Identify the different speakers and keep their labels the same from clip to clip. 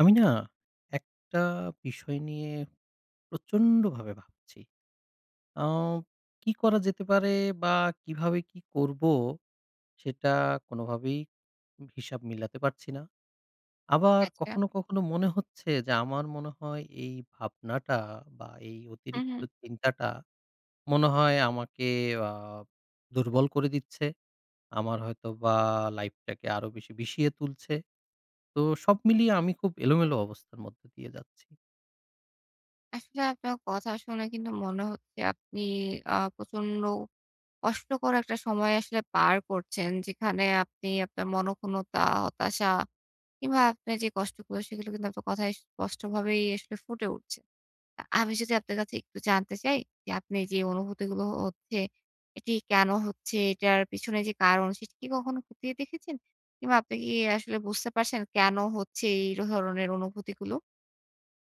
Speaker 1: আমি না একটা বিষয় নিয়ে প্রচন্ড ভাবে ভাবছি। আ কি করা যেতে পারে বা কিভাবে কি করবো? সেটা কোনোভাবেই হিসাব মিলাতে পারছি না। আবার
Speaker 2: আচ্ছা।
Speaker 1: কখনো, কখনো মনে হচ্ছে যে, আমার মনে হয় এই ভাবনাটা বা এই
Speaker 2: হুম,
Speaker 1: অতিরিক্ত
Speaker 2: হুম।
Speaker 1: চিন্তাটা, মনে হয় আমাকে আ দুর্বল করে দিচ্ছে। আমার হয়তো বা লাইফ টাকে আরো বেশি বিষিয়ে তুলছে। তো সব মিলিয়ে আমি খুব এলোমেলো অবস্থার মধ্যে দিয়ে যাচ্ছি।
Speaker 2: আসলে আপনার কথা শুনে কিন্তু মনে হচ্ছে, আপনি আ প্রচন্ড কষ্টকর একটা সময় আসলে পার করছেন। যেখানে আপনি আপনার মনঃক্ষুণ্ণতা, হতাশা কিংবা আপনে যে কষ্টগুলো, সেগুলো কিন্তু আপনার কথায় স্পষ্টভাবেই আসলে ফুটে উঠছে। আ আমি যদি আপনার কাছে একটু জানতে চাই যে, আপনি যে অনুভূতিগুলো হচ্ছে এটি কেন হচ্ছে, এটার পিছনে যে কারণ সেটি কি কখনো খতিয়ে দেখেছেন? কিংবা আপনি কি আসলে বুঝতে পারছেন, কেন হচ্ছে এই ধরনের অনুভূতিগুলো?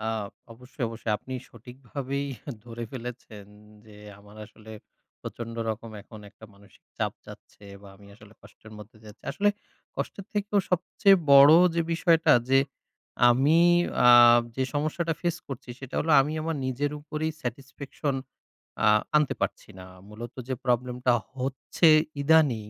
Speaker 1: আ অবশ্যই, অবশ্যই। আপনি সঠিকভাবেই ধরে ফেলেছেন। যে আমার আসলে, প্রচন্ড রকম এখন একটা মানসিক চাপ যাচ্ছে, বা আমি আসলে কষ্টের মধ্যে যাচ্ছি। আসলে কষ্টের থেকেও সবচেয়ে বড় যে বিষয়টা, যে আমি আ যে সমস্যাটা ফেস করছি, সেটা হলো আমি আমার নিজের উপরেই স্যাটিসফ্যাকশন আ আনতে পারছি না। মূলত যে প্রবলেমটা হচ্ছে ইদানিং,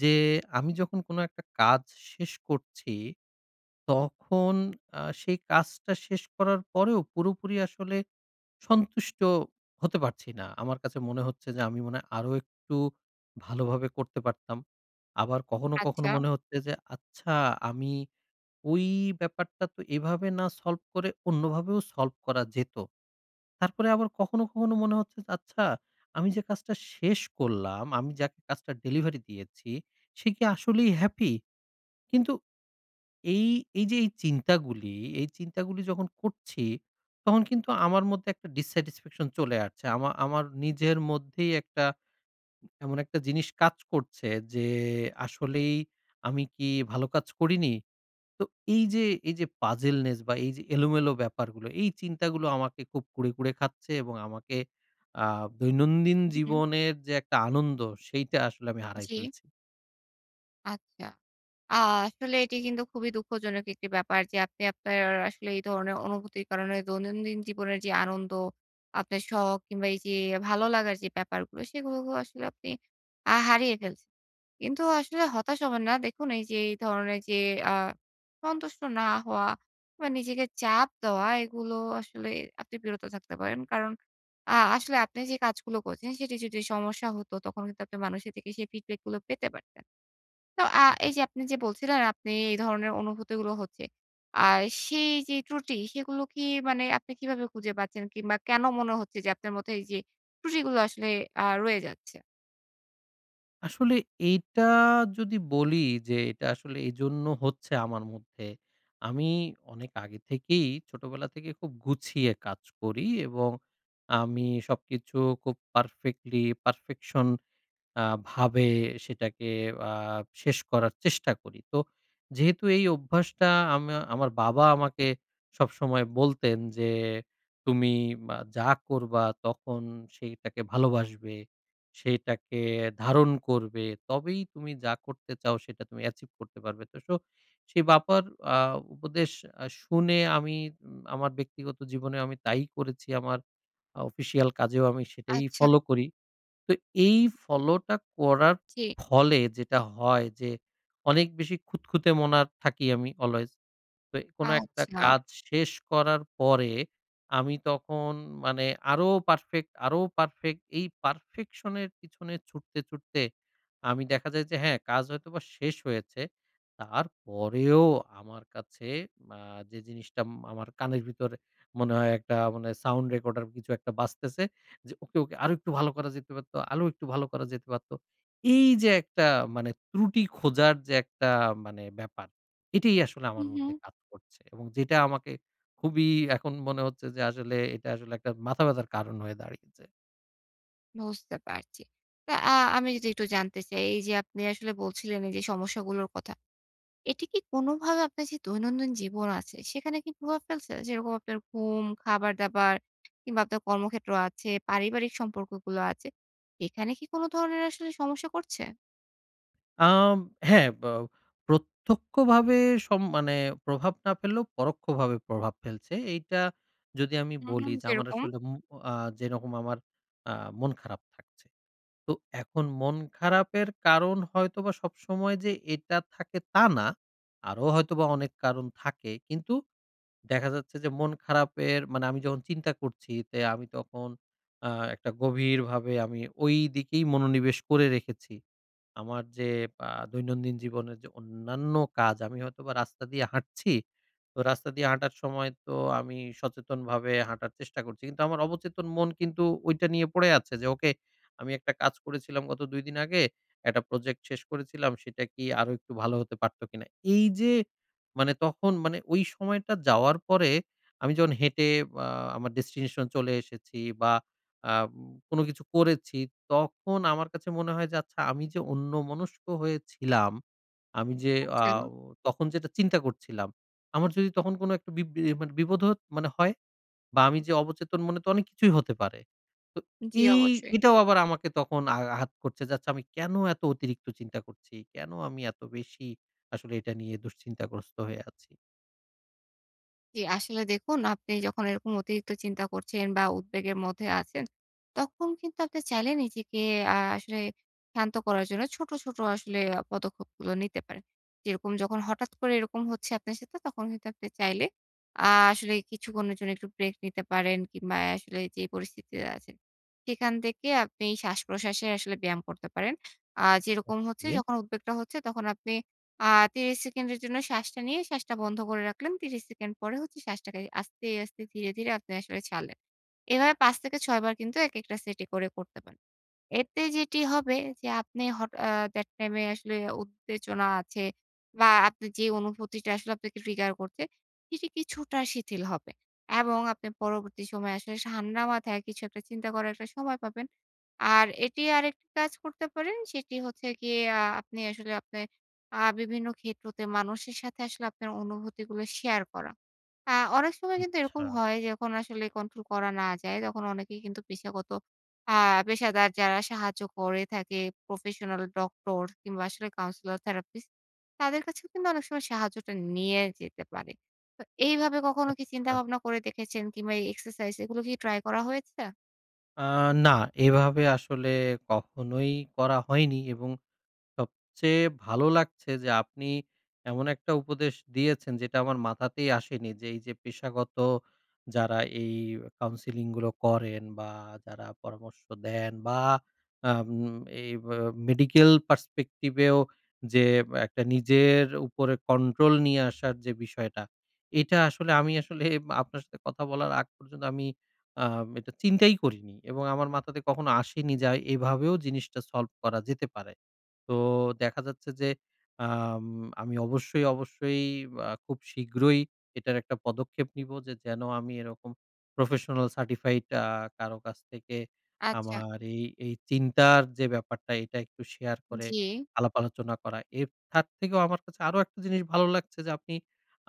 Speaker 1: যে আমি যখন কোন একটা কাজ শেষ করছি, তখন আ সেই কাজটা শেষ করার পরেও, পুরোপুরি আসলে সন্তুষ্ট হতে পারছি না। আমার কাছে মনে হচ্ছে, যে আমি মনে হয় আরো একটু ভালোভাবে করতে পারতাম। আবার কখনো,
Speaker 2: আচ্ছা।
Speaker 1: কখনো মনে হচ্ছে যে, "আচ্ছা আমি ওই ব্যাপারটা তো এভাবে না সলভ করে, অন্যভাবেও সলভ করা যেত।" তারপরে আবার কখনো, কখনো মনে হচ্ছে, "যে আচ্ছা আমি যে কাজটা শেষ করলাম, আমি যাকে কাজটা ডেলিভারি দিয়েছি, সে কি আসলেই হ্যাপি?" কিন্তু এই, এই যে এই চিন্তাগুলি, এই চিন্তা গুলি যখন করছি, তখন কিন্তু আমার মধ্যে একটা ডিস-স্যাটিসফ্যাকশন চলে আসছে। আমা আমার নিজের মধ্যেই একটা, এমন একটা জিনিস কাজ করছে, যে আসলেই আমি কি ভালো কাজ করিনি? তো এইযে, এইযে পাজলনেস বা এইযে এলোমেলো ব্যাপারগুলো, এই চিন্তাগুলো আমাকে খুব কুরে, কুরে খাচ্ছে। এবং আমাকে, আ দৈনন্দিন
Speaker 2: হু, হুম।
Speaker 1: জীবনের যে একটা আনন্দ, সেইটা আসলে আমি হারায়
Speaker 2: জি।
Speaker 1: ফেলছি।
Speaker 2: আচ্ছা। আ আসলে এটি কিন্তু খুবই দুঃখজনক একটি ব্যাপার। যে আপনি আপনার অ্যা আসলে এই ধরনের অনুভূতির কারণে দৈনন্দিন জীবনের যে আনন্দ, আপনার শখ কিংবা এইযে ভালো লাগার যে ব্যাপারগুলো, সেইগুলোকেও আসলে আপনি আ হারিয়ে ফেলছেন। কিন্তু আসলে হতাশ হবে না। দেখুন এইযে এই ধরনের যে আ সন্তুষ্ট না হওয়া বা নিজেকে চাপ দেওয়া, এগুলো আসলে আপনি বিরত থাকতে পারেন। কারণ আ আসলে আপনি যে কাজগুলো করছেন, সেটি যদি সমস্যা হতো তখন কিন্তু আপনি মানুষের থেকে সেই feedback গুলো পেতে পারতেন। তো আ
Speaker 1: হু, হু।
Speaker 2: এইযে আপনি যে বলছিলেন আপনি এই ধরনের অনুভূতিগুলো হচ্ছে। আর সেই যেই ত্রুটি সেইগুলো কি মানে আপনি কিভাবে খুঁজে পাচ্ছেন? কিংবা কেন মনে হচ্ছে যে আপনার মধ্যে এই যে ত্রুটিগুলো আসলে আ রয়ে যাচ্ছে?
Speaker 1: আসলে এইটা যদি বলি যে এইটা আসলে এইজন্য হচ্ছে আমার মধ্যে। আমি অনেক আগে থেকেই ছোটবেলা থেকেই খুব গুছিয়ে কাজ করি। এবং আমি সবকিছু খুব পারফেক্টলি পারফেকশন আ ভাবে সেটাকে আ শেষ করার চেষ্টা করি। তো যেহেতু এই অভ্যাসটা আমা আমার বাবা আমাকে সবসময় বলতেন যে "তুমি মা যা করবা তখন সেইটাকে ভালোবাসবে, সেইটাকে ধারণ করবে, তবেই তুমি যা করতে চাও সেইটা তুমি achieve করতে পারবে।" তো সো সেই বাবার আ উপদেশ আ শুনে আমি উম আমার ব্যক্তিগত জীবনেও আমি তাই করেছি। আমার আ অফিসিয়াল কাজেও আমি সেটাই
Speaker 2: আচ্ছা।
Speaker 1: ফলো করি। তো এই
Speaker 2: হুম।
Speaker 1: ফলোটা করার
Speaker 2: জি।
Speaker 1: ফলে যেটা হয় যে অনেক বেশি খুঁতখুঁতে মনা থাকি আমি অলয়েজ। তো কোনো একটা
Speaker 2: আচ্ছা।
Speaker 1: কাজ শেষ করার পরে, আমি তখন মানে আরো পারফেক্ট, আরো পারফেক্ট। এই পারফেকশনের পিছনে ছুটতে ছুটতে আমি দেখা যায় যে হ্যাঁ, কাজ হয়তোবা শেষ হয়েছে। তারপরেও আমার কাছে আ যে জিনিসটা উম আমার কানের ভিতরে মনে হয় একটা মানে সাউন্ড রেকর্ডার কিছু একটা বাজতেছে। যে "ওকে, ওকে আরও একটু ভালো করা যেতে পারতো, আরো একটু ভালো করা যেতে পারতো।" এই যে একটা মানে ত্রুটি খোঁজার যে একটা মানে ব্যাপার, এটাই আসলে আমার
Speaker 2: হুম,
Speaker 1: মধ্যে
Speaker 2: হুম।
Speaker 1: কাজ করছে। এবং যেইটা আমাকে খুবই এখন মনে হচ্ছে যে আসলে এইটা আসলে একটা মাথা ব্যাথার কারণ হয়ে দাঁড়িয়েছে।
Speaker 2: বুঝতে পারছি। তো আ আমি যদি একটু জানতে চাই, এইযে আপনি আসলে বলছিলেন, এইযে সমস্যাগুলোর কথা। এটি কি কোনভাবে আপনার যে দৈনন্দিন জীবন আছে, সেখানে কি প্রভাব ফেলছে? যেরকম আপনার ঘুম, খাবার-দাবার কিংবা, আপনার কর্মক্ষেত্র আছে, পারিবারিক সম্পর্কগুলো আছে। এখানে কি কোন ধরনের আসলে সমস্যা করছে?
Speaker 1: আম হ্যাঁ। বা প্রত্যক্ষভাবে সব মানে প্রভাব না ফেললেও, পরোক্ষভাবে প্রভাব ফেলছে। এইটা যদি আমি
Speaker 2: হুম, হুম।
Speaker 1: বলি যে, আমার
Speaker 2: যেরকম?
Speaker 1: আসলে ম আ যেরকম আমার আ মন খারাপ থাকছে। তো এখন মন খারাপের কারণ হয়তোবা সবসময় যে এটা থাকে, তা না। আরো হয়তোবা অনেক কারণ থাকে। কিন্তু, দেখা যাচ্ছে যে মন খারাপের মানে আমি যখন চিন্তা করছি, তে আমি তখন আ একটা গভীরভাবে, আমি ওই দিকেই মনোনিবেশ করে রেখেছি। আমার যে, আ দৈনন্দিন জীবনের যে অন্যান্য কাজ, আমি হয়তোবা রাস্তা দিয়ে হাঁটছি। তো রাস্তা দিয়ে হাঁটার সময় তো আমি সচেতনভাবে হাঁটার চেষ্টা করছি। কিন্তু আমার অবচেতন মন কিন্তু ঐটা নিয়ে পড়ে আছে। যে ওকে আমি একটা কাজ করেছিলাম গত ২ দিন আগে, একটা project শেষ করেছিলাম, সেটা কি আরো একটু ভালো হতে পারতো কিনা? এইযে মানে তখন মানে ওই সময়টা যাওয়ার পরে, আমি যখন হেঁটে, আ আমার destination এ চলে এসেছি বা, আম কোন কিছু করেছি, তখন আমার কাছে মনে হয় যে, আচ্ছা, আমি যে অন্যমনস্ক হয়েছিলাম, আমি যে
Speaker 2: আচ্ছা।
Speaker 1: আও তখন যেটা চিন্তা করছিলাম, আমার যদি তখন কোনো একটা বি বি মানে বিপদ হতো মানে হয়? বা, আমি যে অবচেতন মনে তো অনেক কিছুই হতে পারে। তো
Speaker 2: জ্বি,
Speaker 1: এই
Speaker 2: অবশ্যই।
Speaker 1: এটাও আবার আমাকে তখন আঘ আঘাত করছে যে, "আমি কেন এত অতিরিক্ত চিন্তা করছি, কেন আমি এত বেশি আসলে এটা নিয়ে দুশ্চিন্তাগ্রস্ত হয়ে আছি?"
Speaker 2: জি। আসলে দেখুন, আপনি যখন এরকম অতিরিক্ত চিন্তা করছেন বা, উদ্বেগের মধ্যে আছেন, তখন কিন্তু আপনি চাইলে নিজেকে আ আসলে শান্ত করার জন্য ছোট, ছোট আসলে আ পদক্ষেপগুলো নিতে পারেন। যেরকম যখন হঠাৎ করে এরকম হচ্ছে আপনার সাথে, তখন কিন্তু আপনি চাইলে আ আসলে কিছুক্ষণের জন্য একটু break নিতে পারেন কিংবা, এ আসলে যে পরিস্থিতিতে আছেন। সেখান থেকে আপনি শ্বাসপ্রশ্বাসের আসলে ব্যায়াম করতে পারেন। আ যেরকম হচ্ছে
Speaker 1: ওকে।
Speaker 2: যখন উদ্বেগটা হচ্ছে তখন আপনি আ ৩০ সেকেন্ডের জন্য শ্বাসটা নিয়ে শ্বাসটা বন্ধ করে রাখলেন। ৩০ সেকেন্ড পরে হচ্ছে শ্বাসটাকে আস্তে, আস্তে ধীরে, ধীরে আপনি আসলে ছাড়লেন। এভাবে ৫ থেকে ৬ বার কিন্তু একেকটা set এ করে করতে পারেন। এতে যেটি হবে যে আপনি হঠাৎ এ that time এ আসলে উত্তেজনা আছে বা, আপনি যে অনুভূতিটা আসলে আপনাকে trigger করছে এটি কিছুটা শিথিল হবে এবং আপনি পরবর্তী সময়ে আসলে সা ঠান্ডা মাথায় কিছু একটা চিন্তা করার একটা সময় পাবেন। আর এটি আরেকটি কাজ করতে পারেন। সেটি হচ্ছে গিয়ে আ আপনি আ আসলে আপনার আ বিভিন্ন ক্ষেত্রতে মানুষের সাথে আসলে আপনার অনুভূতিগুলো শেয়ার করা। আ অনেক সময় কিন্তু এরকম
Speaker 1: আচ্ছা।
Speaker 2: হয় যে, যখন আসলে control করা না যায়, তখন অনেকেই কিন্তু পেশাগত আ পেশাদার যারা সাহায্য করে থাকে professional ডক্টর কিংবা, আসলে counsellor therapist তাদের কাছেও কিন্তু অনেক সময় সাহায্যটা নিয়ে যেতে পারে। তো এইভাবে কখনো কি চিন্তা
Speaker 1: আচ্ছা।
Speaker 2: ভাবনা করে দেখেছেন কিংবা, এই exercise এগুলো কি try করা হয়েছে?
Speaker 1: আ না। এভাবে আসলে কখনোই করা হয়নি এবং সবচেয়ে ভালো লাগছে যে, আপনি এমন একটা উপদেশ দিয়েছেন, যেটা আমার মাথাতেই আসেনি। যে এই যে, পেশাগত যারা, এই counselling গুলো করেন, বা যারা পরামর্শ দেন, বা আম এই আ Medical Perspective এও যে, একটা নিজের উপরে control নিয়ে আসার যে বিষয়টা, এটা আসলে আমি আসলে আপনার সাথে কথা বলার আগ পর্যন্ত, আমি আ এটা চিন্তাই করিনি। এবং আমার মাথাতে কখনো আসেনি, যে এভাবেও জিনিসটা solve করা যেতে পারে। তো দেখা যাচ্ছে যে, আম আমি অবশ্যই, অবশ্যই আ খুব শীঘ্রই এটার একটা পদক্ষেপ নিব। যে যেন আমি এরকম Professional Certified আ কারো কাছ থেকে,
Speaker 2: আচ্ছা।
Speaker 1: আমার এই এই চিন্তার যে ব্যাপারটা, এটা একটু শেয়ার করে,
Speaker 2: জি।
Speaker 1: আলাপ-আলোচনা করা। এর তার থেকেও আমার কাছে আরো একটা জিনিস ভালো লাগছে, যে আপনি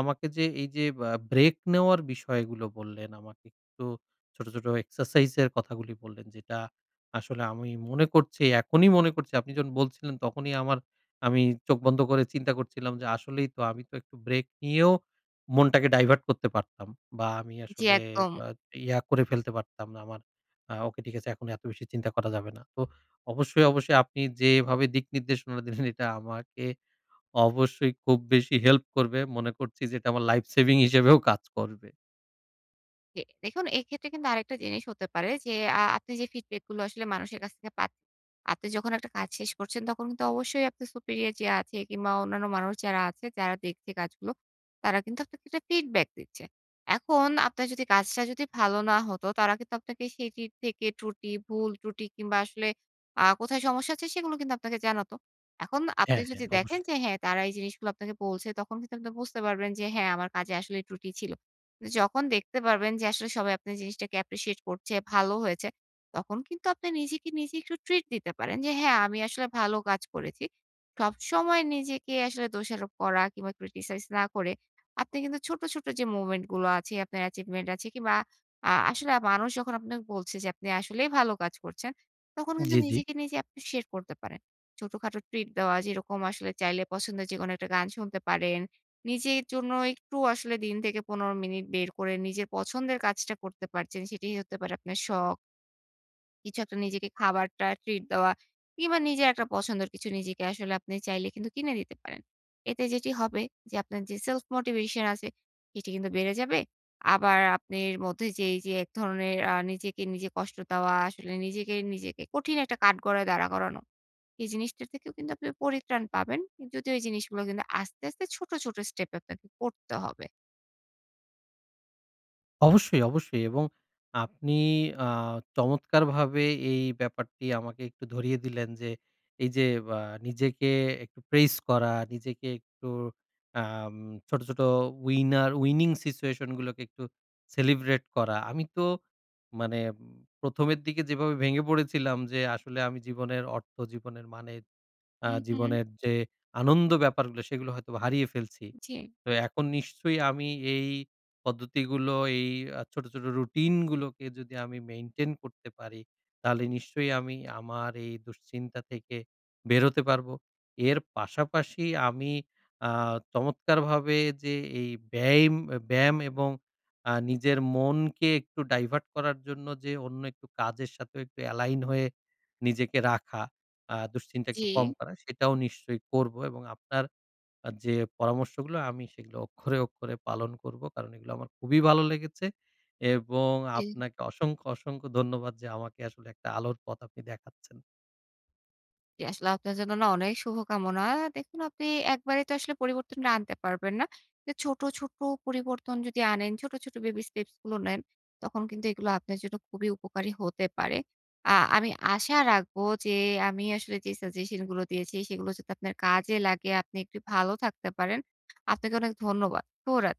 Speaker 1: আমাকে যে এই যে, আ ব্রেক নেওয়ার বিষয়গুলো বললেন, আমাকে একটু ছোট, ছোট এক্সারসাইজ এর কথাগুলি বললেন। যেটা আসলে আমি মনে করছি, এখনই মনে করছি, আপনি যখন বলছিলেন, তখনই আমার আমি চোখ বন্ধ করে চিন্তা করছিলাম, যে আসলেই তো, আমি তো একটু ব্রেক নিয়েও, মনটাকে divert করতে পারতাম। বা আমি
Speaker 2: জি,
Speaker 1: আসলে
Speaker 2: একদম।
Speaker 1: আ ইয়া করে ফেলতে পারতাম না। আমার আ ওকে, ঠিক আছে, এখন এত বেশি চিন্তা করা যাবে না। তো অবশ্যই, অবশ্যই আপনি যেভাবে দিক নির্দেশনা দিলেন, এটা আমাকে অবশ্যই খুব বেশি হেল্প করবে। মনে করছি যে, এটা আমার life saving হিসেবেও কাজ করবে।
Speaker 2: জ্বি, দেখুন এইক্ষেত্রে কিন্তু আরেকটা জিনিস হতে পারে যে, আ আপনি যে feedback গুলো আসলে মানুষের কাছ থেকে পাত আপনি যখন একটা কাজ শেষ করছেন, তখন কিন্তু অবশ্যই আপনার Superior যে আছে কিংবা অন্যান্য মানুষ যারা আছে, যারা দেখছে কাজগুলো, তারা কিন্তু আপনাকে একটা feedback দিচ্ছে। এখন আপনার যদি কাজটা যদি ভালো না হতো, তারা কিন্তু আপনাকে সেটির থেকে ত্রুটি, ভুল, ত্রুটি কিংবা আসলে আ কোথায় সমস্যা হচ্ছে, সেগুলো কিন্তু আপনাকে জানাতো। এখন আপনি
Speaker 1: হ্যাঁ,
Speaker 2: যদি
Speaker 1: হ্যাঁ
Speaker 2: দেখেন
Speaker 1: অবশ্যই।
Speaker 2: যে হ্যাঁ, তারা এই জিনিসগুলো আপনাকে বলছে, তখন কিন্তু আপনি বুঝতে পারবেন যে হ্যাঁ, আমার কাজে আসলে ত্রুটি ছিল। যখন দেখতে পারবেন যে আসলে সবাই আপনার জিনিসটাকে Appreciate করছে, ভালো হয়েছে, তখন কিন্তু আপনি নিজেকে, নিজে একটু ট্রিট দিতে পারেন যে হ্যাঁ, আমি আসলে ভালো কাজ করেছি। সবসময় নিজেকে আসলে দোষারোপ করা কিংবা Criticize না করে, আপনি কিন্তু ছোট, ছোট যে moment গুলো আছে, আপনার achievement আছে কিংবা আ আসলে মানুষ যখন আপনাকে বলছে যে, আপনি আসলেই ভালো কাজ করছেন, তখন কিন্তু
Speaker 1: জি, জি।
Speaker 2: নিজেকে, নিজে appreciate করতে পারেন। ছোটখাটো ট্রিট দেওয়া, যেরকম আসলে চাইলে পছন্দের যেকোনো একটা গান শুনতে পারেন। নিজের জন্য একটু আসলে দিন থেকে ১৫ মিনিট বের করে, নিজের পছন্দের কাজটা করতে পারছেন। সেটিই হতে পারে আপনার শখ। কিছু একটা নিজেকে খাবারটা ট্রিট দেওয়া কিংবা নিজের একটা পছন্দের কিছু নিজেকে আসলে আপনি চাইলে কিন্তু কিনে দিতে পারেন। এতে যেটি হবে, যে আপনার যে সেলফ মোটিভেশন আছে, এটি কিন্তু বেড়ে যাবে। আবার আপনার মধ্যে যে এইযে এক ধরনের আ নিজেকে নিজে কষ্ট দেওয়া আসলে নিজেকে নিজেকে কঠিন একটা কাঠগড়ায় দাঁড়া করানো। এই জিনিসটির থেকেও কিন্তু আপনি পরিত্রাণ পাবেন। উম যদিও এই জিনিসগুলো কিন্তু আস্তে, আস্তে ছোট, ছোট স্টেপ এ আপনাকে করতে হবে।
Speaker 1: অবশ্যই, অবশ্যই এবং আপনি আ চমৎকারভাবে এই ব্যাপারটি আমাকে একটু ধরিয়ে দিলেন। যে এইযে আ নিজেকে একটু প্রেইস করা, নিজেকে একটু আম ছোট, ছোট উইনার উইনিং সিচুয়েশন গুলোকে একটু সেলিব্রেট করা। আমি তো মানে উম ১ম এর দিকে যেভাবে ভেঙে পড়েছিলাম যে, "আসলে আমি জীবনের অর্থ জীবনের মানে আ
Speaker 2: হুম, হুম।
Speaker 1: জীবনের যে আনন্দ ব্যাপারগুলো সেগুলো হয়তোবা হারিয়ে ফেলছি।"
Speaker 2: জি।
Speaker 1: তো এখন নিশ্চয়ই আমি এই পদ্ধতিগুলো এই আ ছোট, ছোট রুটিন গুলোকে যদি আমি মেইনটেইন করতে পারি তাহলে নিশ্চয়ই আমি আমার এই দুশ্চিন্তা থেকে বেরোতে পারবো। এর পাশাপাশি আমি আ চমৎকারভাবে যে এই বেইম অ্যা ব্যায়াম এবং আ নিজের মনকে একটু ডাইভার্ট করার জন্য যে অন্য একটু কাজের সাথে একটু এলাইন হয়ে নিজেকে রাখা, আ দুশ্চিন্তা একটু কম
Speaker 2: জি।
Speaker 1: করা, সেটাও নিশ্চয়ই করব এবং আপনার আ যে পরামর্শগুলো আমি সেগুলো অক্ষরে, অক্ষরে পালন করবো। কারণ এগুলো আমার খুবই ভালো লেগেছে এবং
Speaker 2: এ
Speaker 1: আপনাকে অসংখ্য, অসংখ্য ধন্যবাদ যে আমাকে আসলে একটা আলোর পথ আপনি দেখাচ্ছেন।
Speaker 2: জি আসলে আপনার জন্য না অনেক শুভকামনা। দেখুন আপনি একবারেই তো আসলে পরিবর্তন ডা আনতে পারবেন না। এ ছোট, ছোট পরিবর্তন যদি আনেন, ছোট, ছোট বেবি স্টেপস গুলো নেন, তখন কিন্তু এইগুলা আপনার জন্য খুবই উপকারী হতে পারে। আ আমি আশা রাখবো যে আমি আসলে যে সাজেশন গুলো দিয়েছি সেগুলো যাতে আপনার কাজে লাগে আপনি একটু ভালো থাকতে পারেন। আপনাকে অনেক ধন্যবাদ। ভো রাত